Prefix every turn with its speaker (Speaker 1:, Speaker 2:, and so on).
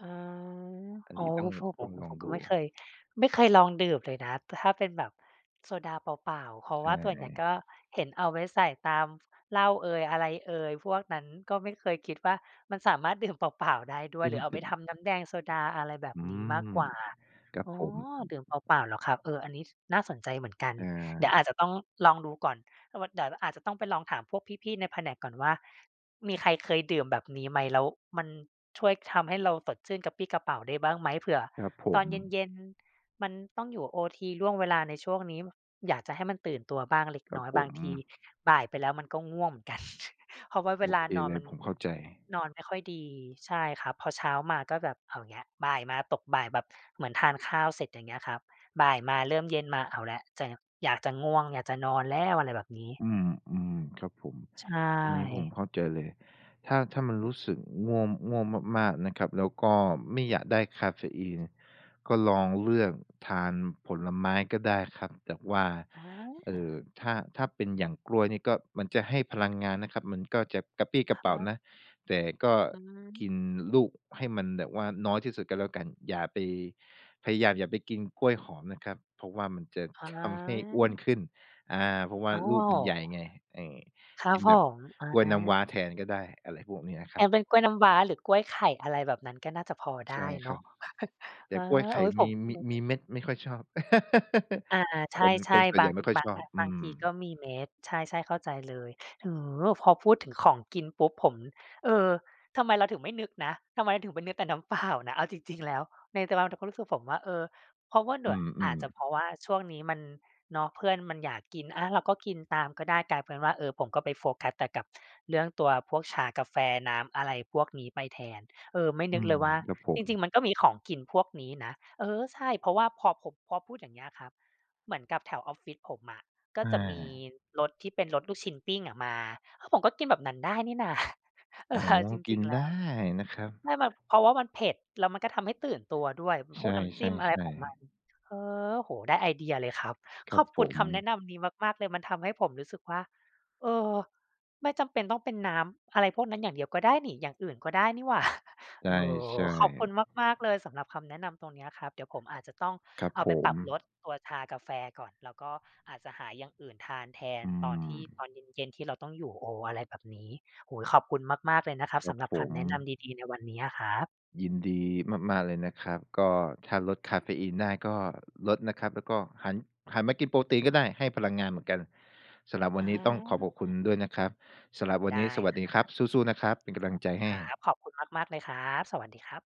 Speaker 1: อา
Speaker 2: อัน
Speaker 1: อ๋อ
Speaker 2: นี้ต้
Speaker 1: ก
Speaker 2: อ
Speaker 1: ็
Speaker 2: ง
Speaker 1: เพราะผ
Speaker 2: ต้
Speaker 1: ม
Speaker 2: อง
Speaker 1: อื
Speaker 2: ล
Speaker 1: อ
Speaker 2: อ
Speaker 1: ผ
Speaker 2: ง
Speaker 1: มก
Speaker 2: ด
Speaker 1: ็
Speaker 2: ู
Speaker 1: ไม่เคย ไม่เคยลองดื่มเลยนะ แต่ถ้าเป็นแบบโซดาเปล่า ๆ เพราะ
Speaker 2: ใช
Speaker 1: ว่าส่วนใหญ่ ก
Speaker 2: ่
Speaker 1: ็เห็นเอาไว้ใส่ตามเหล้าเอย อะไรเอยพวกนั้น ก็ไม่เคยคิดว่ามันสามารถ ดื่มเปล่า ๆ ได้ด้
Speaker 2: ต
Speaker 1: วย
Speaker 2: ึ
Speaker 1: หร
Speaker 2: ง
Speaker 1: ือเอา
Speaker 2: ตึ
Speaker 1: ไป
Speaker 2: ม
Speaker 1: ทำน้ำแดงโซดา อะไรแบบ
Speaker 2: อื
Speaker 1: นี้มาก
Speaker 2: ม
Speaker 1: กว่า
Speaker 2: ครับ
Speaker 1: อ๋อ
Speaker 2: ผม
Speaker 1: ดื่มเปล่า ๆ เหรอครับ เออ อันนี้ ช น่าสนใจเหมือนกัน
Speaker 2: อ
Speaker 1: เดี๋
Speaker 2: า
Speaker 1: ยวอาจจะต้องลองดูก่อน เพราะว่าเดี๋ยว เราอาจจะต้องไปลองถามพวกพี่ ๆ ในแผนกก่อนว่า มีใครเคยดื่มแบบนี้ ไหม แล้วมันช่วยทำให้เราสดชื่นกระปรี้กระเปร่าได้บ้างไหม? เผื่อ
Speaker 2: ครับผ
Speaker 1: ตอนเ
Speaker 2: ม
Speaker 1: ย็น ๆ มันต้องอยู่โอทีล่วงเวลาในช่วงนี้ ม อยากจะให้มันตื่นตัวบ้างเล็ก
Speaker 2: ครั
Speaker 1: น
Speaker 2: บ
Speaker 1: ้อย
Speaker 2: ผ
Speaker 1: บางที
Speaker 2: ม
Speaker 1: บ่ายไปแล้ว มันก็ง่วงเหมือนกัน เพราะว่าเว
Speaker 2: โอ
Speaker 1: ล
Speaker 2: เ
Speaker 1: า
Speaker 2: ค
Speaker 1: นอ
Speaker 2: เ
Speaker 1: น
Speaker 2: ลย
Speaker 1: มัน
Speaker 2: ผมเข้าใจ
Speaker 1: นอนไม่ค่อยดี ใช่ครับ พอเช้ามาก็แบบเอาอีกแล้ว บ่ายมาตกบ่ายแบบ เหมือนทานข้าวเสร็จ อย่างเงี้ยครับ บ่ายมาเริ่มเย็นมาเอาแล้ว แจะ อยากจะง่วง อยากจะนอนแล้ว อะไรแบบนี้
Speaker 2: อืม อืม ครับผม
Speaker 1: ใช
Speaker 2: ตรงนี้ผม
Speaker 1: ่
Speaker 2: เข้าใจเลย ถ้า ถ้ามันรู้สึกง่วง ง่วงมาก ๆ นะครับ แล้วก็ไม่อยากได้กาเฟอีน ก็ลองเลือกทานผลไม้ก็ได้ครับ แบบว่า
Speaker 1: อ
Speaker 2: เอ่อ
Speaker 1: า
Speaker 2: ถ้า ถ้าเป็นอย่างกล้วยนี่ ก็ มันจะให้พลังงานนะครับ มันก็จะกระปรี้ก
Speaker 1: ค
Speaker 2: ระเปร
Speaker 1: ร
Speaker 2: ่
Speaker 1: ั
Speaker 2: า
Speaker 1: บ
Speaker 2: นะ แต่ก็
Speaker 1: อื
Speaker 2: กิ
Speaker 1: ม
Speaker 2: นลูกให้มันแบบว่าน้อยที่สุดก็แล้วกัน อย่าไป พยายามอย่าไปกินกล้วยหอมนะครับ เพราะว่ามันจะ
Speaker 1: อ๋
Speaker 2: ทำให้ อ้วน
Speaker 1: อ
Speaker 2: ขึ้น อา เพราะว่า
Speaker 1: อ๋
Speaker 2: ลูกมันใหญ
Speaker 1: อ
Speaker 2: ่ไง เออ
Speaker 1: ครั
Speaker 2: ก
Speaker 1: บ
Speaker 2: ิน
Speaker 1: ผ
Speaker 2: แบบ
Speaker 1: ม อา
Speaker 2: กล้วยน้ำว้าแทนก็ได้ อะไรพวกนี้อะค
Speaker 1: ใช
Speaker 2: รั
Speaker 1: ้
Speaker 2: บ
Speaker 1: เป็นกล้วยน้ำว้า หรือกล้วยไข่ อะไรแบบนั้น ก็น่าจะพอได
Speaker 2: ใช
Speaker 1: ้
Speaker 2: ่
Speaker 1: เ
Speaker 2: ค
Speaker 1: นา
Speaker 2: รั
Speaker 1: ะ
Speaker 2: บ แต
Speaker 1: เอ
Speaker 2: ่
Speaker 1: อ
Speaker 2: กล้วยไข
Speaker 1: โอ๊
Speaker 2: ่
Speaker 1: ย ผ
Speaker 2: มี
Speaker 1: มเพิ่
Speaker 2: ม
Speaker 1: ง
Speaker 2: ิ
Speaker 1: รู้
Speaker 2: ม
Speaker 1: น
Speaker 2: ี
Speaker 1: ะ
Speaker 2: เม็ดไม่ค่อยชอบ
Speaker 1: อา ใ
Speaker 2: คน
Speaker 1: ช
Speaker 2: ค
Speaker 1: ่
Speaker 2: นส่ว
Speaker 1: ๆ บ
Speaker 2: นให
Speaker 1: า
Speaker 2: ญ่
Speaker 1: ง
Speaker 2: ไม
Speaker 1: อ
Speaker 2: ่ค่อย
Speaker 1: บา
Speaker 2: ช
Speaker 1: ง
Speaker 2: อ
Speaker 1: บ
Speaker 2: บ
Speaker 1: าง
Speaker 2: อื
Speaker 1: บาง
Speaker 2: ม
Speaker 1: ทีก็มีเม็ด ใช่ ๆ เข้าใจเลย เออ พอพูดถึงของกินปุ๊บ ผม เออ ทำไมเราถึงไม่นึกนะ? ทำไมเราถึงไปนึกแต่น้ำ เปล่า นะ เอาจริง ๆ แล้ว ใน แต่เรา เราก็รู้สึก ผมว่า เออ เพราะว่าหน
Speaker 2: อื
Speaker 1: ั่ว
Speaker 2: อ อื
Speaker 1: อา
Speaker 2: อ
Speaker 1: จจะเพราะว่าช่วงนี้มัน เนาะ เพื่อนมันอยากกิน อะ เราก็กินตามก็ได้ กลายเป็นว่า เออ ผมก็ไปโฟกัสกับเรื่องตัวพวกชา กาแฟ น้ำ อะไรพวกนี้ไปแทน เออ ไม่
Speaker 2: อื
Speaker 1: นึกเล
Speaker 2: ม
Speaker 1: ยว่า
Speaker 2: ครับผ
Speaker 1: จ
Speaker 2: ม
Speaker 1: ริง ๆ มันก็มีของกินพวกนี้นะ เออ ใช่ เพราะว่าพอผม พอพูดอย่างเงี้ยครับ เหมือนกับแถวออฟฟิศผมอะ ก็
Speaker 2: อ
Speaker 1: จะมี
Speaker 2: า
Speaker 1: รถที่เป็นรถลูกชิ้นปิ้งอะมา เออ ผมก็กินแบบนั้นได้นี่ นา เอ
Speaker 2: อ๋
Speaker 1: อ
Speaker 2: อ
Speaker 1: เอาจ
Speaker 2: ก
Speaker 1: ร
Speaker 2: ิ
Speaker 1: ิง
Speaker 2: น
Speaker 1: ๆ แ
Speaker 2: ไ
Speaker 1: ล
Speaker 2: ด้
Speaker 1: ้ว
Speaker 2: นะครับ
Speaker 1: ใช่แบบ เพราะว่ามันเผ็ด แล้วมันก็ทำให้ตื่นตัวด้วย เป็นพ
Speaker 2: ใช
Speaker 1: วกน้ำจิ้มอะไรข
Speaker 2: ่
Speaker 1: องมั
Speaker 2: ๆ ๆ
Speaker 1: น เออ โอ้โฮ ได้ไอเดียเลยครับ
Speaker 2: คร
Speaker 1: ข
Speaker 2: ั
Speaker 1: อ
Speaker 2: บ
Speaker 1: บค
Speaker 2: ผ
Speaker 1: ุณคำแนะ
Speaker 2: ม
Speaker 1: นำนี้มาก ๆ เลย มันทำให้ผมรู้สึกว่า เออ ไม่จำเป็นต้องเป็นน้ำอะไรพวกนั้น อย่างเดียวก็ได้นี่ อย่างอื่นก็ได้นี่หว่า
Speaker 2: ใช
Speaker 1: เอ
Speaker 2: ่ ใ
Speaker 1: อ
Speaker 2: ช่
Speaker 1: ขอบคุณมาก ๆ เลยสำหรับคำแนะนำตรงเนี้ยครับ เดี๋ยวผมอาจจะต้อง
Speaker 2: ครับ
Speaker 1: เอาไ
Speaker 2: ผ
Speaker 1: ปปรับล
Speaker 2: ม
Speaker 1: ดตัวชากาแฟก่อน แล้วก็อาจจะหาอย่างอื่นทานแทน
Speaker 2: อื
Speaker 1: ตอนที่ ต
Speaker 2: ม
Speaker 1: อนเย็น ๆ ที่เราต้องอยู่โอ อะไรแบบนี้ โอ้โฮ! ขอบคุณมาก ๆ เลยนะครับ
Speaker 2: คร
Speaker 1: ส
Speaker 2: ับ
Speaker 1: ำหรับ
Speaker 2: ผ
Speaker 1: คำ
Speaker 2: ม
Speaker 1: แนะนำดี ๆ ในวันนี้อะครับ
Speaker 2: ยินดีมาก ๆ เลยนะครับ ก็ถ้าลดกาเฟอีนได้ก็ลดนะครับ แล้วก็หัน หันมากินโปรตีนก็ได้ ให้พลังงานเหมือนกัน สำหรับว
Speaker 1: อ
Speaker 2: ั
Speaker 1: ๋
Speaker 2: นนี้ต้องขอขอบคุณ
Speaker 1: อ
Speaker 2: ด้วยนะครับ สำหรับวัน
Speaker 1: ได
Speaker 2: นี้
Speaker 1: ้
Speaker 2: สวัส
Speaker 1: คร
Speaker 2: ดี
Speaker 1: ั
Speaker 2: ครับ
Speaker 1: บ
Speaker 2: สู้ ๆ นะครับ เป็นกำลังใจให้
Speaker 1: ขอบคุณครับ ขอบคุณมาก ๆ เลยครับ สวัสดีครับ